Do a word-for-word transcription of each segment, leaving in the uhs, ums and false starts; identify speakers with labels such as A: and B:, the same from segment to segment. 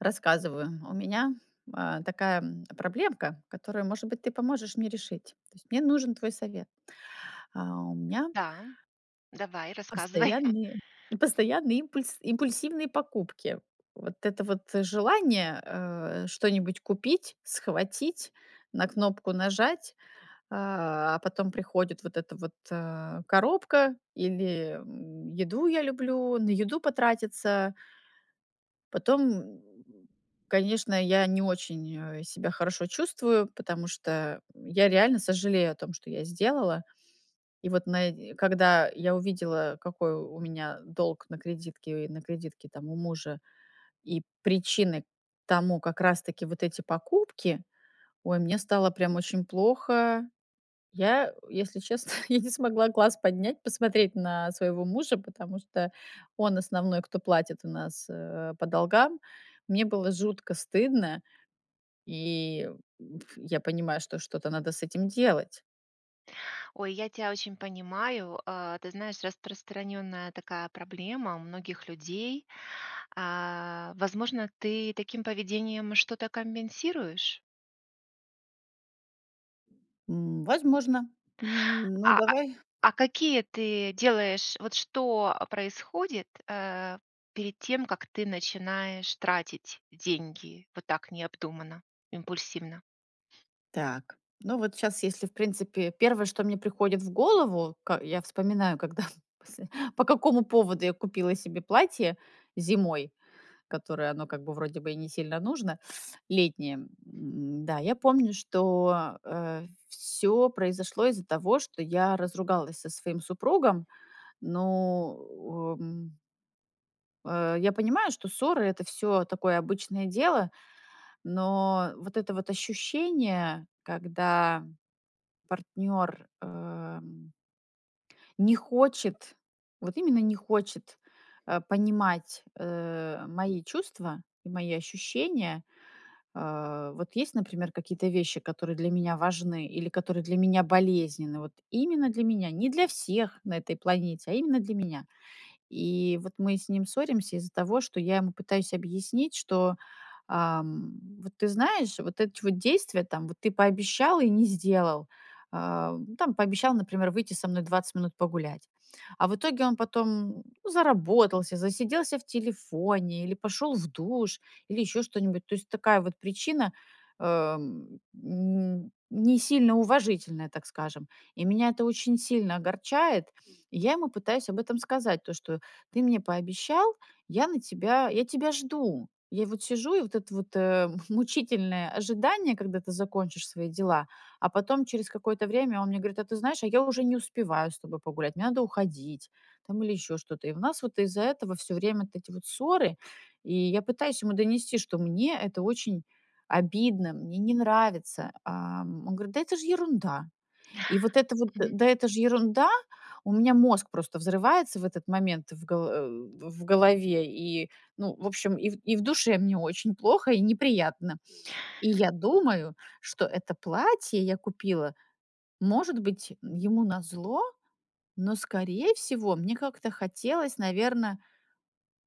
A: Рассказываю, у меня, э, такая проблемка, которую, может быть, ты поможешь мне решить. То есть мне нужен твой совет. А, у меня
B: Да, давай, рассказывай.
A: постоянные постоянные импульс импульсивные покупки. Вот это вот желание, э, что-нибудь купить, схватить, на кнопку нажать, а, а потом приходит вот эта вот, э, коробка или еду я люблю, на еду потратиться. Потом, конечно, я не очень, э, себя хорошо чувствую, потому что я реально сожалею о том, что я сделала. И вот на и когда я увидела, какой у меня долг на кредитке и на кредитке, там, у мужа, и причины тому как раз таки вот эти покупки. Ой, мне стало прям очень плохо. Я, если честно, я не смогла глаз поднять, посмотреть на своего мужа, потому что он основной, кто платит у нас, э, по долгам. Мне было жутко стыдно, и ф я понимаю, что что-то надо с этим делать.
B: Ой, я тя очень понимаю. Э, ты знаешь, распространенная такая проблема у многих людей. А, возможно, ты таким поведением что-то компенсируешь?
A: М, возможно. Ну,
B: А, а,
A: давай.
B: а, какие ты делаешь вот что происходит, э, перед тем, как ты начинаешь тратить деньги вот так необдуманно, импульсивно?
A: Так, ну, вот щас, если, в принципе, первое, что мне приходит в голову, ка я вспоминаю, когда посл по какому поводу я купила себе платье зимой, которое, оно как бы, вроде бы, и не сильно нужно, летнее. М-да, я помню, что, э, всё произошло из-за того, что я разругалась со своим супругом. Ну, в э э, я понимаю, что ссоры- это всё такое обычное дело, но вот это вот ощущение, когда партнёр э не хочет, вот именно не хочет, а, понимать, э, мои чувства и мои ощущения. Э, вот есть, например, какие-то вещи, которые для меня важны или которые для меня болезненны, вот именно для меня, не для всех на этой планете, а именно для меня. И вот мы с ним ссоримся из-за того, что я ему пытаюсь объяснить, что, ам, вот ты знаешь, вот эти вот действия, там, вот ты пообещал и не сделал. А там, пообещал, например, выйти со мной двадцать минут погулять. А в итоге он потом, ну, заработался, засиделся в телефоне или пошёл в душ, или ещё что-нибудь. То есть такая вот причина, э, м, не сильно уважительная, так скажем. И меня это очень сильно огорчает, и я ему пытаюсь об этом сказать, то, что ты мне пообещал, я на тебя я тебя жду. Я вот сижу, и вот это вот, э, мучительное ожидание, когда ты закончишь свои дела, а потом через какое-то время он мне говорит: "А ты знаешь, а я уже не успеваю с тобой погулять, мне надо уходить там или ещё что-то". И у нас вот из-за этого всё время вот эти вот ссоры, и я пытаюсь ему донести, что мне это очень обидно, мне не нравится. А он говорит: "Да это ж ерунда". И вот это вот
B: Мгм.
A: "да это же ерунда", у меня мозг просто взрывается в этот момент в голо э, в голове и, ну, в общем, ив и в душе мне очень плохо и неприятно. И я думаю, что это платье я купила, может быть, ему назло, но, скорее всего, мне как-то хотелось, наверно,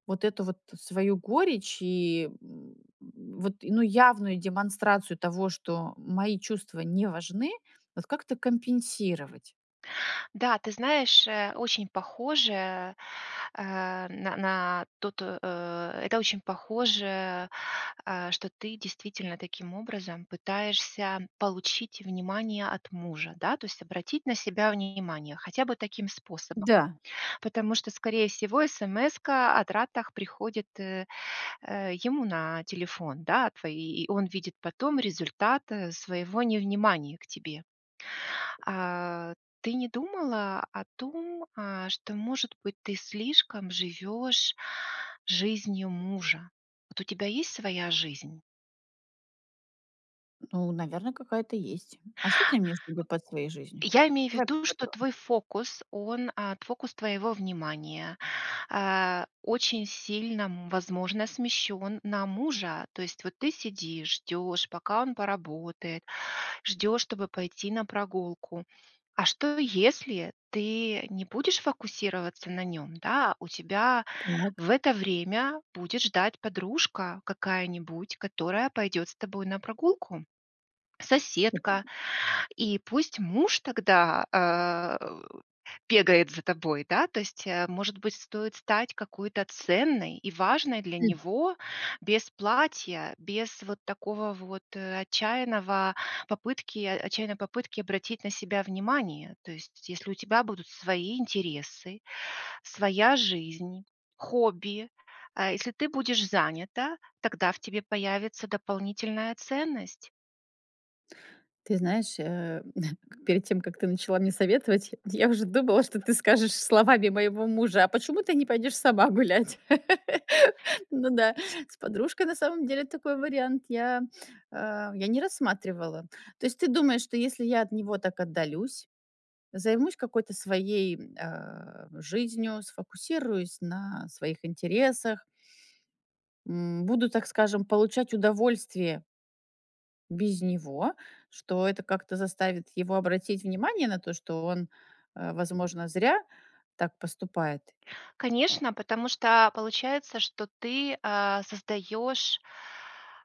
A: вот эту вот свою горечь и, м, вот, ну, явную демонстрацию того, что мои чувства не важны, вот как-то компенсировать.
B: Да, ты знаешь, э, очень похоже, э, м, н на то то, э, это очень похоже, э, что ты действительно таким образом пытаешься получить внимание от мужа, да, то есть обратить на себя внимание хотя бы таким способом.
A: Да.
B: Потому что, скорее всего, эсэмэска о тратах приходит, э, э, ему на телефон, да, твои, и он видит потом результат своего невнимания к тебе. А ты не думала о том, а, что, может быть, ты слишком живёшь жизнью мужа? Вот у тебя есть своя жизнь?
A: Ну, наверно, какая-то есть. А что ты имеешь в виду под своей жизнью?
B: Я имею в
A: Давай
B: виду,
A: по
B: что
A: подро
B: твой фокус, он, а, т фокус твоего внимания, а, очень сильно, м, возможно, смещён на мужа. То есть вот ты сидишь, ждёшь, пока он поработает, ждёшь, чтобы пойти на прогулку. А что, если ты не будешь фокусироваться на нём? Да, у тебя
A: Так.
B: в это время будет ждать подружка какая-нибудь, которая пойдёт с тобой на прогулку, соседка,
A: [unintelligible]
B: и пусть муж тогда, а, у бегает за тобой. Да, то есть, э, может быть, стоит стать какой-то ценной и важной для него без платья, без вот такого вот, э, отчаянного попытки отчаянной попытки обратить на себя внимание. То есть если у тебя будут свои интересы, своя жизнь, хобби, а, если ты будешь занята, тогда в тебе появится дополнительная ценность.
A: Ты знаешь, э, перед тем как ты начала мне советовать, я уже думала, что ты скажешь словами моего мужа: "А почему ты не пойдёшь сама гулять?" Ну да, с подружкой, на самом деле, такой вариант я, а, я не рассматривала. То есть ты думаешь, что если я от него так отдалюсь, займусь какой-то своей, э, жизнью, сфокусируюсь на своих интересах м, буду, так скажем, получать удовольствие Без него. Что это как-то заставит его обратить внимание на то, что он, э, возможно, зря так поступает.
B: Конечно, потому что, а, получается, что ты, а, создаешь,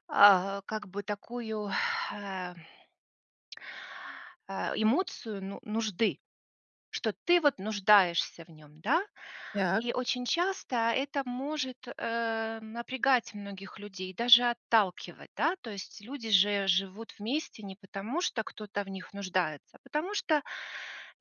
B: а, как бы такую, э э, эмоцию ну нужды, что ты вот нуждаешься в нём. Да?
A: Так.
B: И очень часто это может, э, напрягать многих людей, даже отталкивать. Да? То есть люди же живут вместе не потому, что кто-то в них нуждается, а потому что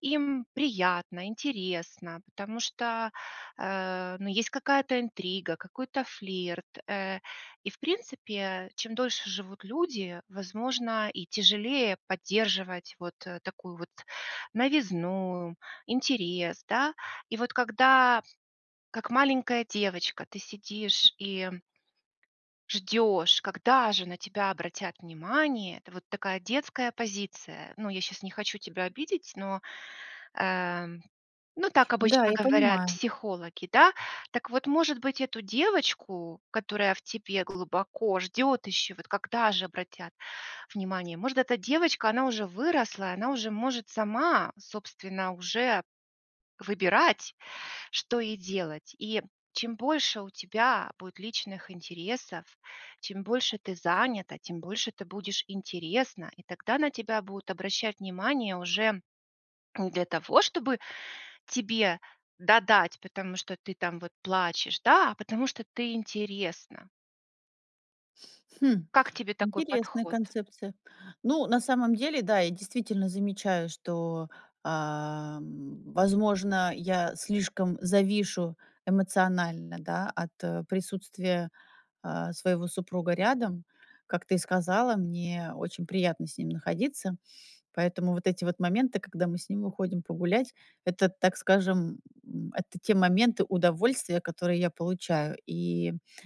B: им приятно, интересно, потому что, э, ну есть какая-то интрига, какой-то флирт, э. И в принципе, чем дольше живут люди, возможно, и тяжелее поддерживать вот, э, такую вот новизну, интерес, да. И вот когда, как маленькая девочка, ты сидишь и ждёшь, когда же на тебя обратят внимание. Это вот такая детская позиция. Ну я щас не хочу тебя обидеть, но, э, ну так
A: Да,
B: обычно
A: я
B: говорят
A: понимаю.
B: психологи, да. Так вот, может быть, эту девочку, которая в тебе глубоко ждет еще, вот когда же обратят внимание? Может, эта девочка- она уже выросла, и она уже может сама, собственно, уже выбирать, что ей делать. И чем больше у тебя будет личных интересов, чем больше ты занята, тем больше ты будешь интересна, и тогда на тебя будут обращать внимание уже не для того, чтобы тебе додать, потому что ты там вот плачешь, да, а потому что ты интересна.
A: Хм,
B: Как тебе такой
A: интересная
B: подход?
A: концепция. Ну, на самом деле, да, я действительно замечаю, что, э, возможно, я слишком завишу эмоционально, да, от присутствия, э, своего супруга рядом. Как ты сказала, мне очень приятно с ним находиться. Поэтому вот эти вот моменты, когда мы с ним уходим погулять, это, так скажем, м, это те моменты удовольствия, которые я получаю. И, э,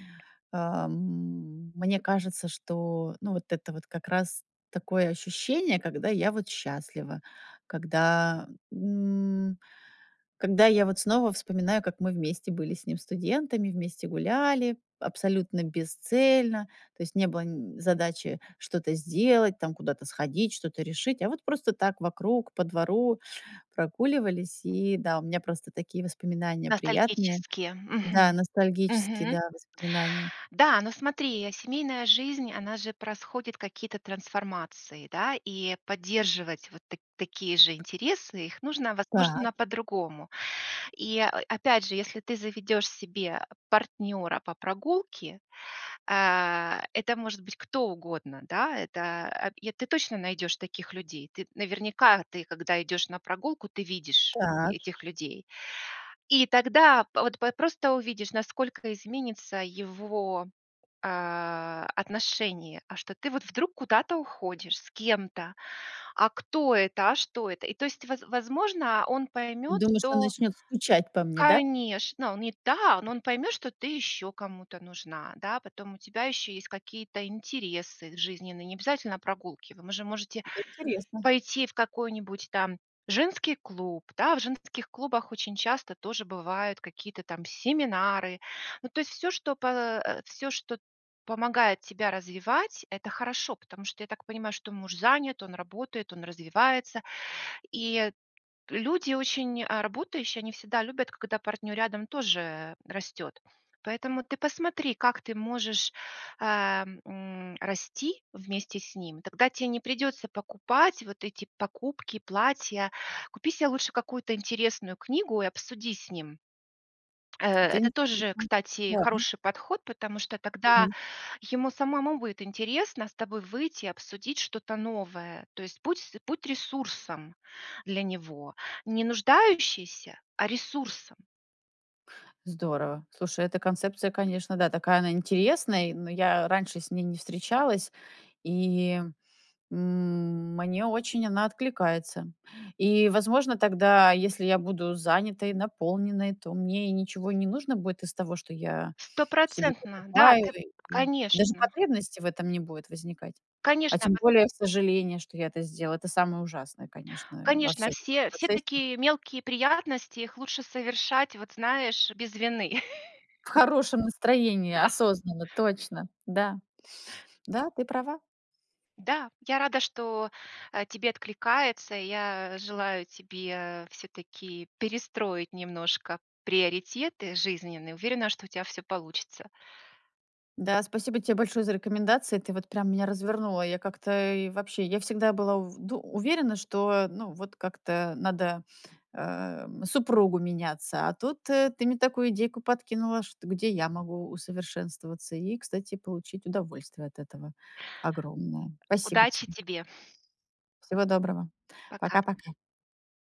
A: м, мне кажется, что, ну, вот это вот как раз такое ощущение, когда я вот счастлива. Когда, м, когда я вот снова вспоминаю, как мы вместе были с ним студентами, вместе гуляли абсолютно бесцельно. То есть не было н задачи что-то сделать, там, куда-то сходить, что-то решить. А вот просто так вокруг по двору прогуливались. И да, у меня просто такие воспоминания приятные.
B: Ностальгические.
A: Да,
B: Мгм.
A: ностальгические,
B: Мгм.
A: да, воспоминания.
B: Да, но смотри, я семейная жизнь, она же происходит какие-то трансформации, да. И поддерживать вот т такие же интересы, их нужно,
A: Так.
B: возможно, по-другому. И, э, опять же, если ты заведешь себе партнера по прогулке. Э, это может быть кто угодно, да. Это, э ты точно найдешь таких людей. Ты, наверняка ты, когда идешь на прогулку, ты видишь
A: Так.
B: этих людей. И тогда пт вот просто увидишь, насколько изменится его, э, отношение. А что ты вот вдруг куда-то уходишь с кем-то? А кто это, а что это? И то есть, воз возможно, он
A: Ты
B: поймет,
A: думаешь, он
B: что
A: начнёт скучать по мне, да?
B: Конечно! Не та, но он поймет, что ты ещё кому-то нужна, да. Потом у тебя ещё есть какие-то интересы жизненные, необязательно прогулки. Вы же можете
A: Это интересно.
B: пойти в какой-нибудь там женский клуб, да. В женских клубах очень часто тоже бывают какие-то там семинары. Ну, то есть всё, что по всё, что помогает тебя развивать- это хорошо. Потому что, я так понимаю, что муж занят, он работает, он развивается. И люди очень, а, работающие, они всегда любят, когда партнер рядом тоже растет. Поэтому ты посмотри, как ты можешь, э, м, расти вместе с ним. Тогда те не придется покупать вот эти покупки, платья. Купи се лучше какую-то интересную книгу и обсуди с ним. Э,
A: Да.
B: это тоже,
A: [unintelligible]
B: кстати,
A: Ладно.
B: хороший подход, потому что тогда
A: Мгм.
B: ему самому будет интересно с тобой выйти и обсудить что-то новое. То есть путь будь с ресурсом для него. Не нуждающейся, а ресурсом!
A: Здорово. Слушай, эта концепция, конечно, да, такая она интересная, но я раньше с ней не встречалась. И, м, мне очень она откликается. И, возможно, тогда, если я буду занятой, наполненной, то мне и ничего не нужно будет из того, что я себе
B: Стопроцентно! Да,
A: покупаю.
B: ты
A: И даже
B: Конечно.
A: потребности в этом не будут возникать. А
B: Конечно,
A: тем
B: ко
A: более сожаление, что я это сделала. Это самое ужасное, конечно, во
B: конечно.
A: всём этом
B: Все все
A: процессе.
B: такие мелкие приятности, их лучше совершать, вот, знаешь, без вины.
A: В хорошем настроении
B: Да.
A: осознанно, точно! Да, да, ты права.
B: Да, я рада, что, э, тебе откликается. Я желаю тебе всё-таки перестроить немножко приоритеты жизненные. Уверена, что у тя всё получится.
A: Да, спасибо те большое за рекомендации. Ты вот прям меня развернула. Я как-то, и вообще, я всегда была ув дум уверена, что, ну, вот как-то надо, э, супругу меняться. А тут ты мне такую идейку подкинула, что где я могу усовершенствоваться и, кстати, получить удовольствие от этого огромное. Спасибо
B: Удачи
A: тебе.
B: тебе!
A: Всего доброго.
B: Пока.
A: Пока, пока!